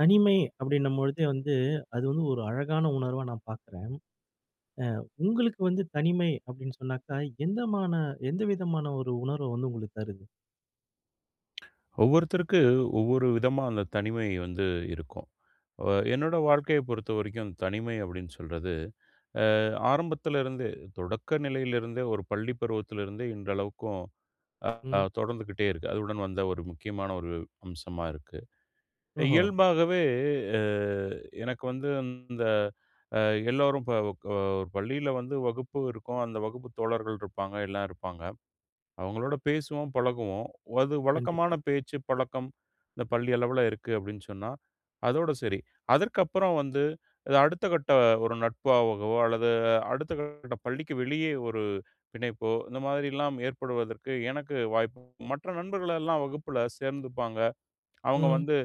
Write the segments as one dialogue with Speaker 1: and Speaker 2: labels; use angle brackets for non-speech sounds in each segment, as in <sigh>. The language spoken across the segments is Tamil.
Speaker 1: தனிமை அப்பிடின்னும்பொழுது வந்து, அது வந்து ஒரு அழகான உணர்வா நான் பார்க்கிறேன். அ உங்களுக்கு வந்து தனிமை அப்பிடின்னு சொன்னாக்க, எந்தமான எந்த விதமான ஒரு உணர்வு வந்து உங்களுக்கு தருது?
Speaker 2: ஒவ்வொருத்தருக்கு ஒவ்வொரு விதமா அந்த தனிமை வந்து இருக்கும். அ என்னோட வாழ்க்கைய பொறுத்தவரைக்கும், தனிமை அப்பிடின்னு சொல்றது, அ ஆரம்பத்திலிருந்தே தொடக்க நிலையிலிருந்தே, ஒரு பள்ளி பருவத்திலிருந்தே இன்றளவுக்கும் ஆ
Speaker 1: ம்.
Speaker 2: தொடர்ந்துகிட்டே இருக்கு. அதுவுடன் வந்த ஒரு முக்கியமான ஒரு அம்சமா இருக்கு.
Speaker 1: ஓஹோ!
Speaker 2: இயல்பாகவே அ எனக்கு வந்து இந்த அ எல்லோரும் ப அ ஒரு பள்ளியில வந்து வகுப்பு இருக்கும். அந்த வகுப்பு தோழர்கள் இருப்பாங்க, எல்லாம் இருப்பாங்க. அவுங்களோட பேசுவோம், பழகுவோம். அது வழக்கமான
Speaker 1: கண்டிப்பா.
Speaker 2: பேச்சு, பழக்கம். இந்த பள்ளி அளவுல இருக்கு அப்பிடின்னு சொன்னா, அதோட சரி. அதற்கப்பறம் வந்து அடுத்த கட்ட ஒரு நட்பாகவோ அல்லது அடுத்தகட்ட பள்ளிக்கு வெளியே ஒரு பிணைப்போ, இந்த மாரிலாம் ஏற்படுவதற்கு எனக்கு வாய்ப்பு மற்ற நண்பர்களெல்லாம் வகுப்புல சேர்ந்துப்பாங்க. அவுங்க
Speaker 1: ம்.
Speaker 2: வந்து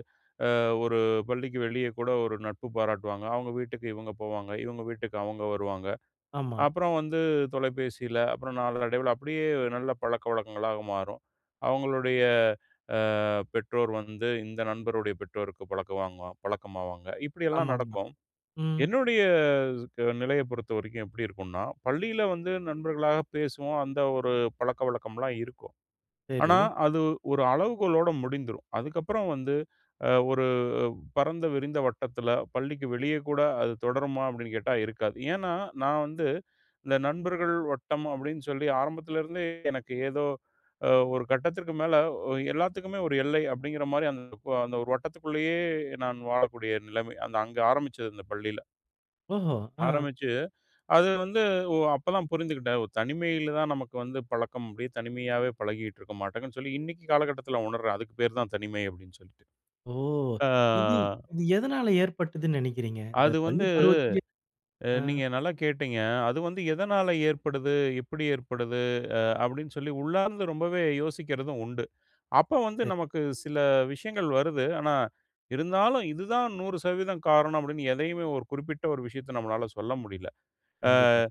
Speaker 2: அ ஒரு பள்ளிக்கு வெளியே கூட ஒரு நட்பு பாராட்டுவாங்க. அவுங்க வீட்டுக்கு இவுங்க போவாங்க. இவுங்க வீட்டுக்கு அவுங்க வருவாங்க.
Speaker 1: ஆமா.
Speaker 2: அப்புறம் வந்து தொலைபேசியில, அப்புறம் நாளடைவில அப்பிடியே நல்ல பழக்கவழக்கங்களாக மாறும். அவுங்களுடைய அ பெற்றோர் வந்து இந்த நண்பருடைய பெற்றோருக்கு பழக்கம் வாங்கு பழக்கமாவாங்க. இப்படியெல்லாம்
Speaker 1: ஆமாமா.
Speaker 2: நடக்கும்.
Speaker 1: ம்.
Speaker 2: என்னுடைய நிலைய பொறுத்தவரைக்கும் எப்பிடி இருக்குன்னா, பள்ளியில வந்து நண்பர்களாக பேசுவோம். அந்த ஒரு பழக்கவழக்கம்லாம் இருக்கும். ஆனா,
Speaker 1: சரி.
Speaker 2: அது ஒரு அளவுகோலோட முடிந்திரும். அதுக்கப்புறம் வந்து அ ஒரு பரந்த விரிந்த வட்டத்தில பள்ளிக்கு வெளியே கூட அது தொடருமா? அப்பிடின்னு கேட்டா, இருக்காது. ஏன்னா, நான் வந்து இந்த நண்பர்கள் வட்டம் அப்பிடின்னு சொல்லி ஆரம்பத்திலேருந்தே, எனக்கு ஏதோ அ ஒரு கட்டத்திற்கு மேல, எல்லாத்துக்குமே ஒரு எல்லை அப்பிடிங்கிற மாரி அந்த, அந்த ஒரு வட்டத்துக்குள்ளேயே நான் வாழக்கூடிய நிலைமை. அந்த அங்க ஆரம்பிச்சது அந்த பள்ளியில.
Speaker 1: ஓஹோ! அ.
Speaker 2: ஆரம்பிச்சு அது வந்து ஓ! அப்ப தான் புரிந்துகிட்டேன். ஓ! தனிமையில தான் நமக்கு வந்து பழக்கம். அப்டியே தனிமையாவே பழகிட்டு இருக்கோமாட்டுனு சொல்லி, இன்னைக்கி காலகட்டத்துல உணர்றேன். அதுக்கு பெயர் தான் தனிமை, அப்டினு சொல்லிட்டு.
Speaker 1: ஓ!
Speaker 2: அ
Speaker 1: இது இது எதனால ஏற்பட்டதுனு நெனைக்கிறீங்க? இந்த
Speaker 2: அது வந்து
Speaker 1: பள்ளி பருவத்திலயே
Speaker 2: அ
Speaker 1: ஆ.
Speaker 2: நீங்க நல்லா கேட்டீங்க. அது வந்து எதனால ஏற்படுது? எப்டி ஏற்படுது? அ அப்டினு சொல்லி, உள்ளார்ந்து ரொம்பவே யோசிக்கிறதும் உண்டு. அப்ப வந்து,
Speaker 1: சரி.
Speaker 2: நமக்கு சில விஷயங்கள் வருது. ஆனா, இருந்தாலும், இது தான் 100% காரணம், அப்டினு எதையுமே ஒரு குறிப்பிட்ட ஒரு விஷயத்த நம்மால சொல்ல முடியல. ஆ
Speaker 1: கண்டிப்பா.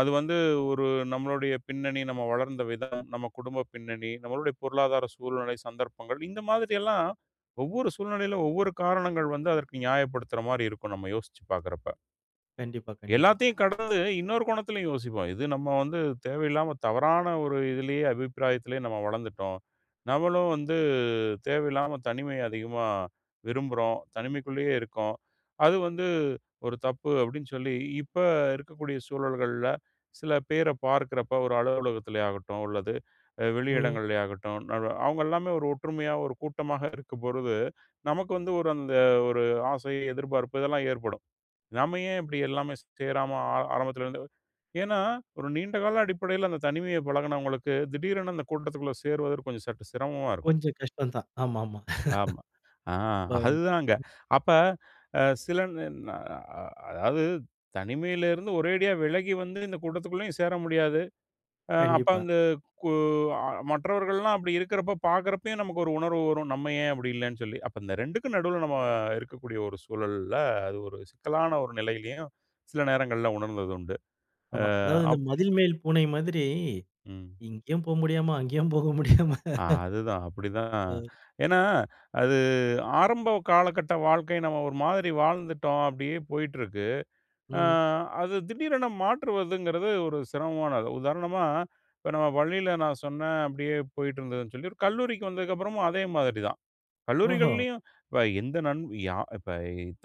Speaker 2: அது வந்து, ஒரு நம்மளுடைய பின்னணி, நம்ம வளர்ந்த விதம், நம்ம குடும்ப பின்னணி, நம்மளுடைய பொருளாதார சூழ்நிலை, சந்தர்ப்பங்கள் இந்த மாதிரியெல்லாம், ஒவ்வொரு சூழ்நிலையில ஒவ்வொரு காரணங்கள் வந்து, அதற்கு நியாயப்படுத்துற மாதிரி இருக்கும், நம்ம யோசிச்சு பார்க்கறப்ப.
Speaker 1: கண்டிப்பா, கண்டிப்பா.
Speaker 2: எல்லாத்தையும் கடந்து இன்னொரு கோணத்துலயும் யோசிப்போம். இது நம்ம வந்து தேவையில்லாம, தவறான ஒரு இதுலயே அபிப்பிராயத்திலயே நம்ம வளர்ந்துட்டோம். நம்மளும் வந்து தேவையில்லாம, தனிமைய அதிகமா விரும்புறோம். தனிமைக்குள்ளயே இருக்கோம். அது வந்து ஒரு தப்பு. அப்டின்னு சொல்லி, இப்ப இருக்கக்கூடிய சூழல்கள்ல சில பேர பார்க்குறப்போ, ஒரு அலுவலகத்திலே ஆகட்டும், அல்லது
Speaker 1: ம்.
Speaker 2: வெளியிடங்களிலே ஆகட்டும், நான்லா அவங்கல்லாமே ஒரு ஒற்றுமையா, ஒரு கூட்டமா இருக்கும் பொழுது, நமக்கு வந்து, ஒரு அந்த ஒரு ஆசை, எதிர்பார்ப்பு இதெல்லாம் ஏற்படும். நம்ம ஏன் இப்டி எல்லாமே சே சேராம? ஆ ஆரம்பத்திலருந்து, ஏன்னா ஒரு நீண்டகால அடிப்படையில, அந்த தனிமைய பழகுனவங்களுக்கு, திடீரென அந்த கூட்டத்துக்குள்ள சேருவது, கொஞ்சம் சற்று சிரமமா இருக்கும்.
Speaker 1: கொஞ்சம் கஷ்டம் தான். ஆமாமா.
Speaker 2: ஆமா. ஆ
Speaker 1: <chuckles> இப்ப
Speaker 2: அதுதாங்க. அப்ப அ சில ந ந அ அ அதாவது தனிமையில இருந்து ஒரேடியா விலகி வந்து, இந்த கூட்டத்துக்குள்ளயும் சேர முடியாது. அ அப்ப
Speaker 1: கண்டிப்பா.
Speaker 2: வந்து, கு அ மற்றவர்கள்லாம் அப்டி இருக்குறப்ப பார்க்குறப்பயும் நமக்கு ஒரு உணர்வு வரும். நம்ம ஏன் அப்டி இல்லன்னு சொல்லி, அப்ப இந்த 2க்கும் நடுவுல நம்ம இருக்கக்கூடிய ஒரு சூழல்ல, அது ஒரு சிக்கலான ஒரு நிலையிலயும் சில நேரங்கள்ல உணர்ந்தது உண்டு. ஆ
Speaker 1: ஆமா. அதாவது இந்த
Speaker 2: அப்
Speaker 1: "மதில் மேல் பூனை" மாதிரி,
Speaker 2: ம்.
Speaker 1: இங்கேயும் போக முடியாம, அங்கேயும் போக முடியாம.
Speaker 2: ஆ
Speaker 1: <laughs>
Speaker 2: அதுதான் அப்டிதான்.
Speaker 1: அ.
Speaker 2: ஏன்னா, அது ஆரம்ப காலகட்ட வாழ்க்கை, நம்ம ஒரு மாதிரி வாழ்ந்துட்டோம். அப்டியே போயிட்டிருக்கு, அ
Speaker 1: ம்.
Speaker 2: அது திடீரென மாற்றுவதுங்கிறது, ஒரு சிரமமானது. உதாரணமா, இப்ப நம்ம பள்ளியில நான் சொன்னேன் அப்டியே போயிட்டிருந்ததுன்னு சொல்லி. ஒரு கல்லூரிக்கு வந்ததுக்கப்புறமும் அதே மாதிரி தான்.
Speaker 1: ஓஹோ!
Speaker 2: கல்லூரிகள்லயும் இப்ப எந்த நண் யா இப்ப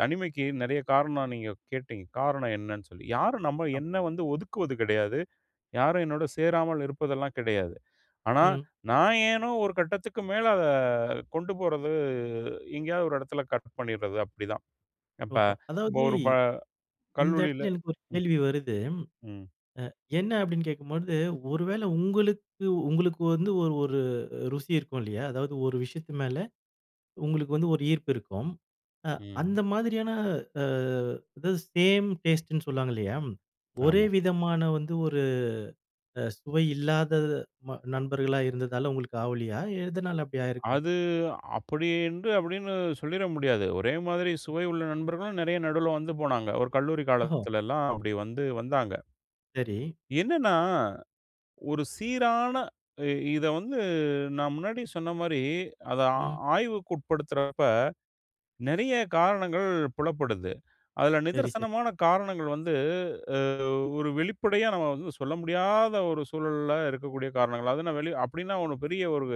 Speaker 2: தனிமைக்கு நெறைய காரணம் நீங்க கேட்டீங்க. காரணம் என்னன்னு சொல்லி. யாரும் நம்ம
Speaker 1: அம்
Speaker 2: என்னை வந்து ஒதுக்குவது கெடையாது, யாரும் என்னோடு சேராமல் இருப்பதெல்லாம் கெடையாது. ஆனா,
Speaker 1: ம்.
Speaker 2: நான் ஏனோ ஒரு கட்டத்துக்கு மேல, அத கொண்டு போறது எங்கேயாவது ஒரு எடத்துல கட் பண்ணிர்றது, அப்டிதான். இப்ப
Speaker 1: ஓஹோ!
Speaker 2: இப்ப
Speaker 1: அதாவது,
Speaker 2: ஒரு ப
Speaker 1: இந்த
Speaker 2: கல்லூரில
Speaker 1: இடத்துல எனக்கு ஒரு
Speaker 2: ம்.
Speaker 1: கேள்வி வருது.
Speaker 2: ம்.
Speaker 1: அ என்ன அப்டின்னு கேட்கும்போது, ஒரு வேள உங்களுக்கு உங்களுக்கு வந்து ஒரு ஒரு ருசி இருக்கும் இல்லயா? அதாவது ஒரு விஷயத்து மேல, உங்களுக்கு வந்து ஒரு ஈர்ப்பு இருக்கும். அ
Speaker 2: ம்.
Speaker 1: அந்த மாதிரியான அ அதாவது சேம் டேஸ்ட்டுன்னு சொல்லுவாங்க இல்லயா? ஒரே
Speaker 2: ஆமா.
Speaker 1: விதமான வந்து ஒரு அ சுவை இல்லாத ம நண்பர்களா இருந்ததால உங்களுக்கு ஆவலையா? எதனால அப்டி ஆயிருக்கும்?
Speaker 2: அது அப்படி என்று அப்டினு சொல்லிர முடியாது. ஒரே மாதிரி சுவை உள்ள நண்பர்களும் நெறைய நடுவுல வந்து போனாங்க. ஒரு கல்லூரி
Speaker 1: ஓஹோ!
Speaker 2: காலத்துலல்லாம், அப்டி வந்து வந்தாங்க.
Speaker 1: சரி.
Speaker 2: என்னன்னா, ஒரு சீரான இ இத வந்து நான் முன்னாடி சொன்ன மாரி, அத ஆ
Speaker 1: ம்.
Speaker 2: ஆய்வுக்கு உட்படுத்துறப்ப, நெறைய காரணங்கள் புலப்படுது. அதுல
Speaker 1: சரி, சரி.
Speaker 2: நிதர்சனமான காரணங்கள் வந்து, அ ஒரு வெளிப்படையா நம்ம வந்து சொல்ல முடியாத ஒரு சூழல்ல இருக்கக்கூடிய காரணங்கள். அது நான் வெளிய அப்டின்னா ஒண்ணும் பெரிய ஒரு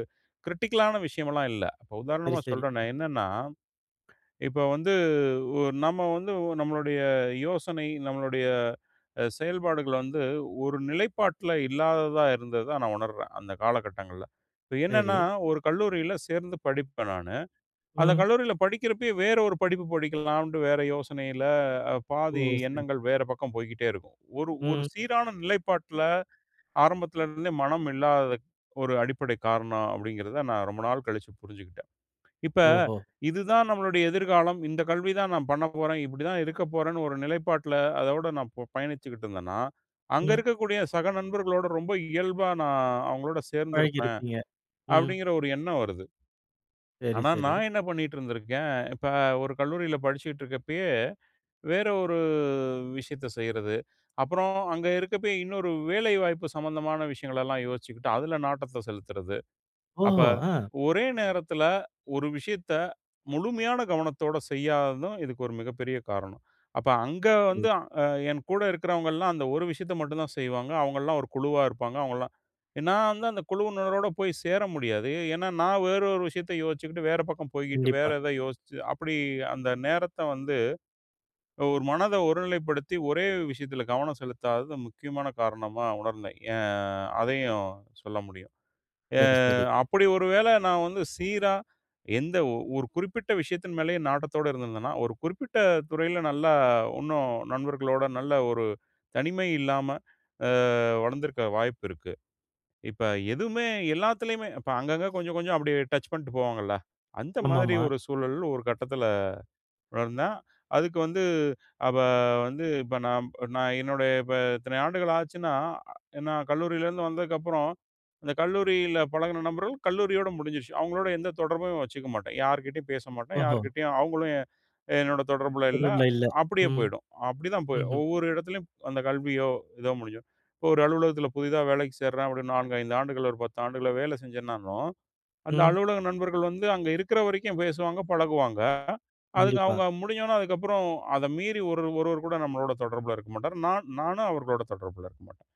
Speaker 2: கிரிட்டிக்கலான விஷயம்லாம் இல்ல. இப்ப
Speaker 1: சரி,
Speaker 2: உதாரணமா
Speaker 1: சரி.
Speaker 2: சொல்றேனே. என்னன்னா, இப்ப வந்து ஓ நம்ம வந்து நம்மளுடைய யோசனை, நம்மளுடைய அ செயல்பாடுகள் வந்து ஒரு நிலைப்பாட்டுல இல்லாததா இருந்ததா நான் உணர்றேன், அந்த காலகட்டங்கள்ல. இப்ப என்னன்னா,
Speaker 1: சரி.
Speaker 2: ஒரு கல்லூரியில சேர்ந்து படிப்பேன் நானு. அந்த
Speaker 1: ம்.
Speaker 2: கல்லூரியில படிக்கிறப்பயே, வேற ஒரு படிப்பு படிக்கலாம்ட்டு வேற யோசனையில, அ
Speaker 1: ஓ!
Speaker 2: பாதி
Speaker 1: சரி.
Speaker 2: எண்ணங்கள் வேற பக்கம் போய்க்கிட்டே இருக்கும். ஒரு ஒரு
Speaker 1: ம்.
Speaker 2: சீரான நிலைப்பாட்டுல, ஆரம்பத்துல இருந்தே மனம் இல்லாததுக் ஒரு அடிப்படை காரணம். அப்டிங்கிறத நான் ரொம்ப நாள் கழிச்சு புரிஞ்சுகிட்டேன். இப்ப,
Speaker 1: ஓஹோ!
Speaker 2: இதுதான் நம்மளுடைய எதிர்காலம், இந்த கல்வி தான் நான் பண்ணப்போறேன், இப்டி தான் இருக்க போறேன்னு, ஒரு நிலைப்பாட்டுல அதோடு நான் பொ பயணிச்சுக்கிட்டு இருந்தேன்னா,
Speaker 1: ம்.
Speaker 2: அங்கருக்கக்கூடிய சக நண்பர்களோட, ரொம்ப இயல்பா நான் அவங்களோட சேர்ந்திருப்பேன்.
Speaker 1: பழகிருப்பீங்க. ம்.
Speaker 2: அப்டிங்கிற ஒரு எண்ணம் வருது.
Speaker 1: சரி,
Speaker 2: ஆனா,
Speaker 1: சரி.
Speaker 2: நான் என்ன பண்ணிக்கிட்டு இருந்திருக்கேன். இப்ப, ஒரு கல்லூரியில படிச்சுக்கிட்டு இருக்கப்பயே, வேற ஒரு விஷயத்த செய்யறது. அப்புறம் அங்க இருக்கப்பயே, இன்னொரு வேலைவாய்ப்பு சம்மந்தமான விஷயங்கலல்லாம் யோசிச்சுக்கிட்டு, அதுல நாட்டத்த செலுத்துறது. அப்ப
Speaker 1: ஓஹோ! அ.
Speaker 2: ஒரே நேரத்துல, ஒரு விஷயத்த முழுமையான கவனத்தோட செய்யாததும், இதுக்கு ஒரு மிகப்பெரிய காரணம். அப்ப, அங்க வந்து
Speaker 1: சரி.
Speaker 2: அ என் கூட இருக்கிறவங்கலாம் அந்த ஒரு விஷயத்த மட்டும் தான் செய்வாங்க. அவங்கள்லாம் ஒரு குழுவா இருப்பாங்க அவங்கலாம். எ நான் வந்து, அந்த குழுவினரோடு போய் சேர முடியாது. ஏன்னா, நான் வேற ஒரு விஷயத்த யோசிச்சுக்கிட்டு வேற பக்கம் போய்க்கிட்டு வேற
Speaker 1: கண்டிப்பா.
Speaker 2: எதாவது யோசிச்சு அப்டி அந்த நேரத்த வந்து, ஒரு மனத ஒருநிலைப்படுத்தி, ஒரே விஷயத்துல கவனம் செலுத்தாதது, முக்கியமான காரணமா உணர்ந்தேன். ஏன் அதையும் சொல்ல முடியும். எ
Speaker 1: சரி, சரி.
Speaker 2: அப்டி ஒரு வேள நான் வந்து சீரா, எந்த ஒ ஒரு குறிப்பிட்ட விஷயத்தின் மேலயே நாட்டத்தோடு இருந்திருந்தேன்னா, ஒரு குறிப்பிட்ட துறையில நல்லா இன்னும், நண்பர்களோடு, நல்ல ஒரு தனிமை இல்லாம அ வளர்ந்திருக்க வாய்ப்பு இருக்கு. இப்ப, எதுவுமே எல்லாத்துலயுமே, இப்ப அங்கங்கே கொஞ்சம், கொஞ்சம் அப்டியே டச் பண்ணிட்டு போவாங்கல்ல, அந்த மாதிரி
Speaker 1: ஆமாமா.
Speaker 2: ஒரு சூழல் ஒரு கட்டத்துல வளர்ந்தேன். அதுக்கு வந்து அப்ப வந்து இப்ப நான் நான் என்னுடைய இப்ப இத்தனை ஆண்டுகள் ஆச்சுன்னா, எ நான் கல்லூரியிலருந்து வந்ததுக்கப்புறம், அந்த கல்லூரியில பழகின நண்பர்கள் கல்லூரியோட முடிஞ்சிருச்சு. அவங்களோட எந்த தொடர்பும் வச்சுக்க மாட்டேன், யார்கிட்டயும் பேச மாட்டேன்,
Speaker 1: ஓஹோ!
Speaker 2: யார்கிட்டயும் அவங்களும் எ என்னோட தொடர்புல இல்ல,
Speaker 1: தொடர்புல இல்ல.
Speaker 2: அப்டியே
Speaker 1: ம்.
Speaker 2: போயிடும். அப்டி தான் போய்
Speaker 1: ம்ஹ்ம்.
Speaker 2: ஒவ்வொரு எடத்திலும், அந்த கல்வியோ, ஏதோ முடிஞ்சுரும். இப்ப, ஒரு அலுவலகத்துல புதிதா வேலைக்கு சேர்றேன், அப்டி 4, 5 ஆண்டுகள்ல, ஒரு 10 ஆண்டுகள்ல, வேலை செஞ்சேன்னாலும், அந்த
Speaker 1: ம்.
Speaker 2: அலுவலக நண்பர்கள் வந்து, அங்கே இருக்குற வரைக்கும் பேசுவாங்க, பழகுவாங்க. அதுக்கு
Speaker 1: கண்டிப்பா.
Speaker 2: அவங்க முடிஞ்ச உடனே அதுக்கப்புறம் அத மீறி ஒரு ஒருவர் கூட, நம்மளோட தொடர்புல இருக்க மாட்டாரு. நான் நானும் அவர்களோட தொடர்புல இருக்க மாட்டேன்.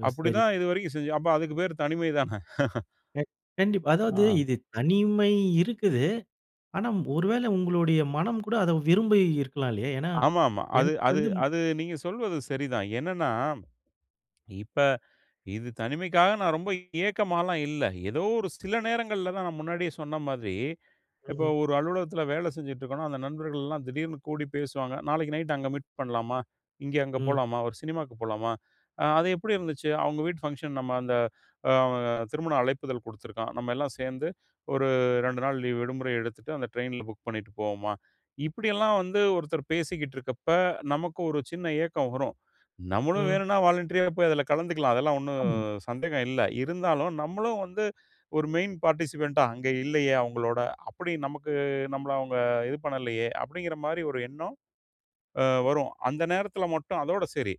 Speaker 1: ஓ!
Speaker 2: அப்டி
Speaker 1: சரி.
Speaker 2: தான் இது வரைக்கும் செஞ்சேன். அப்ப அதுக்கு பேர் தனிமை தான? <chuckles>
Speaker 1: க கண்டிப்பா. அதாவது
Speaker 2: ஆ.
Speaker 1: இது தனிமை இருக்குது. ஆனா, ஒரு வேள உங்களுடைய மனம் கூட, அதை விரும்பி இருக்கலாம் இல்லயா? ஏன்னா,
Speaker 2: ஆமாமா. அது
Speaker 1: எனக்கு
Speaker 2: அது
Speaker 1: வந்து
Speaker 2: அது நீங்க சொல்வது சரிதான். என்னன்னா, இப்ப, இது தனிமைக்காக நான் ரொம்ப ஏக்கமால்லாம் இல்ல. ஏதோ ஒரு சில நேரங்கள்ல தான் நான் முன்னாடியே சொன்ன மாதிரி, இப்ப
Speaker 1: ம்ஹ்ம்.
Speaker 2: ஒரு அலுவலகத்துல வேல செஞ்சுகிட்டு இருக்கோன்னா, அந்த நண்பர்கள்லாம் திடீர்னு கூடி பேசுவாங்க. "நாளைக்கு நைட்டு அங்க மீட் பண்ணலாமா? இங்க, அங்க
Speaker 1: ம்.
Speaker 2: போலாமா? ஒரு சினிமாவுக்கு போலாமா? அ அது எப்டி இருந்துச்சு? அவங்க வீட்டு ஃபங்ஷன். நம்ம அந்த திருமண அழைப்பிதழ் கொடுத்துருக்கான், நம்மல்லாம் சேர்ந்து ஒரு 2 நாள் லீவ் விடுமுறை எடுத்துட்டு, அந்த ட்ரெயின்ல புக் பண்ணிட்டு போவோமா?" இப்டியெல்லாம் வந்து ஒருத்தர் பேசிக்கிட்டு இருக்கப்ப, நமக்கு ஒரு சின்ன ஏக்கம் வரும். நம்மளும்
Speaker 1: ம்.
Speaker 2: வேணுன்னா வாலண்டரியா போய் அதுல கலந்துக்கலாம். அதெல்லாம் ஒண்ணும்
Speaker 1: ஆமா.
Speaker 2: சந்தேகம் இல்ல. இருந்தாலும், நம்மளும் வந்து, ஒரு மெயின் பார்ட்டிசிபன்ட்டா அங்க இல்லயே, அவங்களோட. அப்டி நமக்கு நம்மள அவுங்க இது பண்ணலையே, அப்டின்கிற மாரி ஒரு எண்ணம் ஆ வரும். அந்த நேரத்துல மட்டும். அதோடு சரி.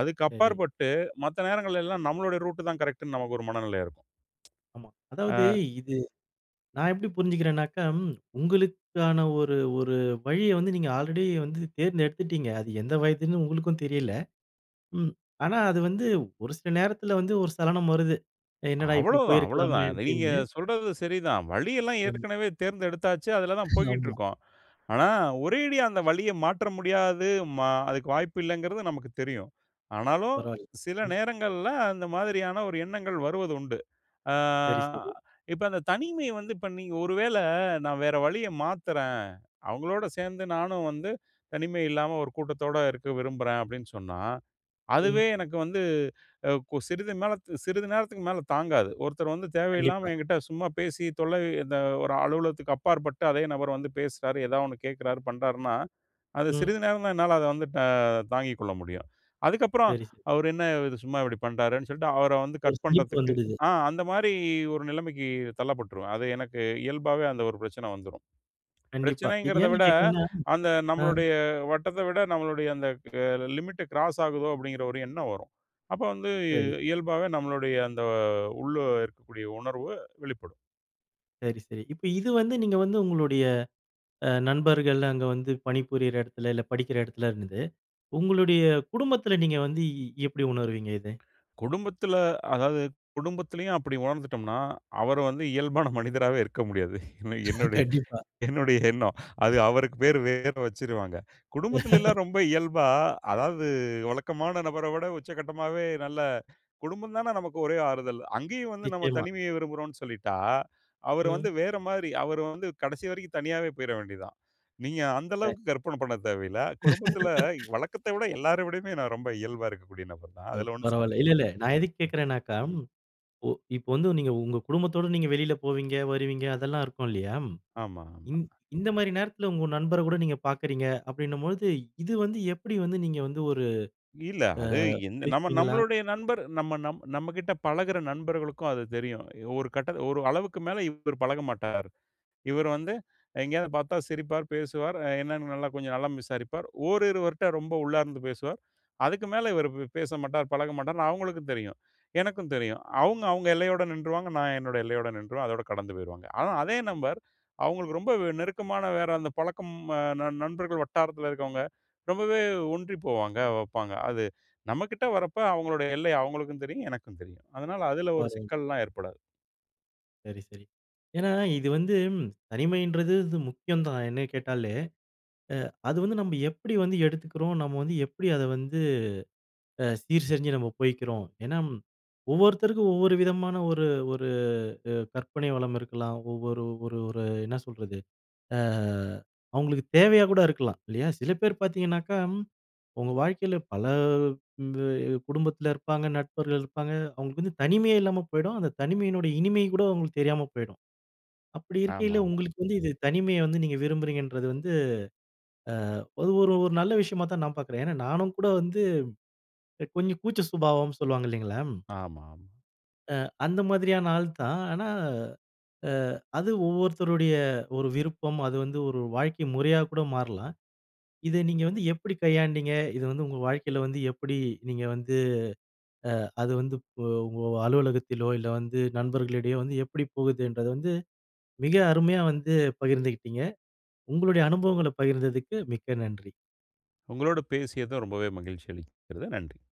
Speaker 2: அதுக்கு
Speaker 1: சரி.
Speaker 2: அப்பாற்பட்டு, மத்த நேரங்கள்லல்லாம் நம்மளோட ரூட் தான் கரெக்ட்னு, நமக்கு ஒரு மனநிலை இருக்கும்.
Speaker 1: ஆமா.
Speaker 2: ஆ.
Speaker 1: அதாவது இது நான் எப்டி புரிஞ்சுக்கிறேனாக்கா, உங்களுக்கான ஒரு ஒரு வழிய வந்து, நீங்க ஆல்ரெடி வந்து தேர்ந்தெடுத்துட்டீங்க. அது எந்த வயதுன்னு உங்களுக்கும் தெரியல. ம். ஆனா, அது வந்து ஒரு சில நேரத்துல வந்து, ஒரு சலனம் வருது. "என்னடா இப்டி
Speaker 2: அவ்வளவு தான் அவ்வளவு
Speaker 1: போயிருக்கலாமே?"
Speaker 2: தான். நீங்க
Speaker 1: அப்டின்னு
Speaker 2: சொல்றது சரி தான். வழியல்லாம்
Speaker 1: ம்.
Speaker 2: ஏற்கனவே தேர்ந்தெடுத்தாச்சு. அதுல தான் போய்க்கிட்டு
Speaker 1: ஆமா.
Speaker 2: இருக்கோம். ஆனா, ஒரேடியா அந்த வழிய மாற்ற முடியாது. மா அதுக்கு வாய்ப்பு இல்லங்கிறது நமக்குத் தெரியும். ஆனாலும்
Speaker 1: பரவால்ல.
Speaker 2: சில
Speaker 1: ம்.
Speaker 2: நேரங்கள்ல, அந்த மாதிரியான ஒரு எண்ணங்கள் வருவது உண்டு. அ
Speaker 1: சரி, சரி.
Speaker 2: இப்ப அந்த தனிமை வந்து இப்ப நீங்க ஒரு வேள, நான் வேற வழிய மாத்துறேன், அவங்களோடு சேர்ந்து நானும் வந்து, தனிமை இல்லாம ஒரு கூட்டத்தோட இருக்க விரும்புறேன். அப்டின்னு சொன்னா,
Speaker 1: ம்.
Speaker 2: அதுவே எனக்கு வந்து அ கு சிறிது மேல சிறிது நேரத்துக்கு மேல தாங்காது. ஒருத்தர் வந்து தேவையில்லாம
Speaker 1: கண்டிப்பா.
Speaker 2: என்கிட்ட சும்மா பேசி, தொல்லை இந்த ஒரு அலுவலகத்துக்கு அப்பாற்பட்டு, அதே நபர் வந்து பேசுறாரு, ஏதாவது ஒண்ணு கேக்குறாரு, பண்ணுறாருனா, அது
Speaker 1: ம்.
Speaker 2: சிறிது நேரம் தான், என்னால அத வந்து தாங்கிக்கொள்ள முடியும். அதுக்கு அப்புறம்
Speaker 1: சரி. ச
Speaker 2: அவரு என்ன இது சும்மா இப்டி பண்றாரேனு சொல்லிட்டு, அவர வந்து
Speaker 1: ஒரு
Speaker 2: கட்
Speaker 1: சளிப்பு
Speaker 2: பண்றதுக்கு
Speaker 1: வந்துடுது.
Speaker 2: ஆ அந்த மாதிரி ஒரு நிலமைக்கு தள்ளப்பட்ருவேன். அது எனக்கு இயல்பாவே அந்த ஒரு பிரச்சனை வந்துரும்.
Speaker 1: கண்டிப்பா. இது
Speaker 2: பிரச்சனைங்கிறத விட,
Speaker 1: ஏன்னு கேட்கிறேன்னா
Speaker 2: அந்த
Speaker 1: ஆ.
Speaker 2: நம்மளுடைய வட்டத்த விட, நம்மளுடைய அந்த அ லிமிட் கிராஸ் ஆகுதோ? அப்டின்கிற ஒரு எண்ணம் வரும். அப்ப வந்து
Speaker 1: சரி.
Speaker 2: இயல்பாவே நம்மளுமுடைய அந்த உள்ள இருக்கக்கூடிய உணர்வு வெளிப்படும்.
Speaker 1: சரி, சரி. இப்ப இது வந்து நீங்க வந்து உங்களுடைய அ நண்பர்கள், அங்க வந்து பணிபுரியிற இடத்தில இல்ல படிக்கிற இடத்தில இருந்தது. உங்களுடைய குடும்பத்தில நீங்க வந்து எப்பிடி உணர்வீங்க, இத
Speaker 2: குடும்பத்தில அதாவது குடும்பத்திலேயும், அப்பிடி உணர்ந்துட்டம்னா, அவரு வந்து இயல்பான மனிதராவே இருக்க முடியாது. என்ன,
Speaker 1: கண்டிப்பா.
Speaker 2: என்னுடைய எண்ணம். அது அவருக்கு பேரு வேற வச்சிருவாங்க. குடும்பத்தில எல்லாம்
Speaker 1: <laughs>
Speaker 2: ரொம்ப இயல்பா, அதாவது வழக்கமான நபர விட, உச்சகட்டமாவே நல்ல குடும்பம் தான நமக்கு ஒரே ஆறுதல். அங்கேயும் வந்து நம்ம
Speaker 1: நிச்சயமா.
Speaker 2: தனிமைய விரும்புறோன்னு சொல்லிட்டா, அவரு வந்து
Speaker 1: ம்.
Speaker 2: வேறமாரி. அவரு வந்து கடைசி வரைக்கும் தனியாவே போயிற வேண்டியதான். நீங்க அந்த
Speaker 1: <unintelligible>
Speaker 2: அளவுக்கு கற்பன பண்ண தேவையில்ல. குடும்பத்தில
Speaker 1: <laughs>
Speaker 2: வழக்கத்த விட எல்லார விடமே நான் ரொம்ப இயல்பா இருக்கக்கூடிய நபர் தான்.
Speaker 1: அவ்
Speaker 2: அதில ஒன்னும்
Speaker 1: பரவால்ல.
Speaker 2: சந்தேகம்
Speaker 1: இல்ல, இல்ல. நான் எதுக்கு கேட்கிறேனாக்கா,
Speaker 2: <unintelligible> ம்.
Speaker 1: ஒ இப்ப வந்து நீங்க உங்க குடும்பத்தோட நீங்க வெளில போவீங்க வருவீங்க, அதெல்லாம் இருக்கும் இல்லயா!
Speaker 2: ஆமா, ஆமா.
Speaker 1: இந் இந்தமாரி நேரத்தில உங்க நண்பருகூட நீங்க பார்க்கிறீங்க அப்பிடின்னம்பொழுது, இது வந்து எப்பிடி வந்து நீங்க வந்து ஒரு
Speaker 2: இல்ல.
Speaker 1: அ
Speaker 2: அது எந்த நம்ம
Speaker 1: பேசுவீங்களா?
Speaker 2: நம்மளுடைய நண்பர் நம்ம நம்மக்கிட்ட பழகுற நண்பர்களுக்கும் அது தெரியும். ஒரு கட்டத்தில ஒரு அளவுக்கு மேல இவரு பழக மாட்டார். இவரு வந்து எங்கேயாவது பார்த்தா சிரிப்பார், பேசுவார், அ என்னன்னு நல்லா கொஞ்சம் நலம் விசாரிப்பார். ஓரிருவர்ட்ட ரொம்ப உள்ளார்ந்து பேசுவார். அதுக்கு மேல இவரு பேசமாட்டார். பழக மாட்டார்ன்னு அவுங்களுக்கும் தெரியும். எனக்கும் தெரியும். அவுங்க, அவுங்க எல்லையோட நின்றுவாங்க. நான் என்னோட எல்லையோட நின்றுவேன். அதோட கடந்து போயிருவாங்க. ஆனா, அதே நபர் அவுங்களுக்கு ரொம்ப நெருக்கமான வேற அந்த பழக்கம் அ ந நண்பர்கள் வட்டாரத்தில இருக்கவங்க ரொம்பவே ஒன்றி போவாங்க, வப்பாங்க. அது நம்மக்கிட்ட வர்றப்ப அவுங்களுடைய எல்லை அவுங்களுக்கும் தெரியும், எனக்கும் தெரியும். அதனால, அதில ஒரு
Speaker 1: பரவால்ல.
Speaker 2: சிக்கல்லாம் ஏற்படாது.
Speaker 1: சரி, சரி. ஏன்னா இது வந்து, தனிமைன்றது இது முக்கியம் தான் என்னைய கேட்டாலே. அ அது வந்து நம்ப எப்புடி வந்து எடுத்துக்கிறோம். நம்ம வந்து எப்டி அத வந்து, அ சீர் செஞ்சு நம்ம போய்க்கிறோம். ஏன்னா, ஒவ்வொருத்தருக்கும் ஒவ்வொரு விதமான ஒரு ஒரு அ கற்பனை வளம் இருக்கலாம். ஒவ்வொரு ஒரு ஓரு என்ன சொல்றது, அ அவுங்களுக்கு தேவையா கூட இருக்கலாம், இல்லையா? சில பேர் பாத்தீங்கணாக்கா, உங்க வாழ்க்கையில பல இந்த குடும்பத்தில இருப்பாங்க, நண்பர்கள் இருப்பாங்க. அவுங்களுக்கு வந்து தனிமையே இல்லாம போயிடும், அந்த தனிமையினுடைய இனிமை கூட அவுங்களுக்கு தெரியாம போயிடும். அப்புடி இருக்கையில,
Speaker 2: ஆமாம்மா.
Speaker 1: உங்களுக்கு வந்து இந்த தனிமைய வந்து நீங்க விரும்புறீங்கன்றது வந்து, அ அது ஒரு ஒரு நல்ல விஷயமா தான் நான் பார்க்குறேன்! ஏன்னா நானும் கூட வந்து, கொஞ்சம் கூச்ச சுபாவம் சொல்லுவாங்க இல்லைங்களா?
Speaker 2: ஆமா.
Speaker 1: அ அந்த மாதிரியான ஆள் தான். ஆனா அ அது ஒவ்வொருத்தருடைய ஒரு விருப்பம், அது வந்து ஒரு வாழ்க்கை முறையா கூட மாறலாம். இத நீங்க வந்து எப்புடி கையாண்டீங்க? இத வந்து உங்க வாழ்க்கைல வந்து எப்புடி நீங்க வந்து அ அது வந்து உ உங்க அலுவலகத்திலோ இல்ல வந்து நண்பர்களிடையோ வந்து எப்புடி போகுதுன்றத வந்து, மிக அருமையா வந்து பகிர்ந்துகிட்டிங்க! உங்களுடைய அனுபவங்கள பகிர்ந்ததுக்கு மிக்க நன்றி.
Speaker 2: உங்களோடு பேசியதும் ரொம்பவே மகிழ்ச்சி அளிக்கிறது! நன்றி.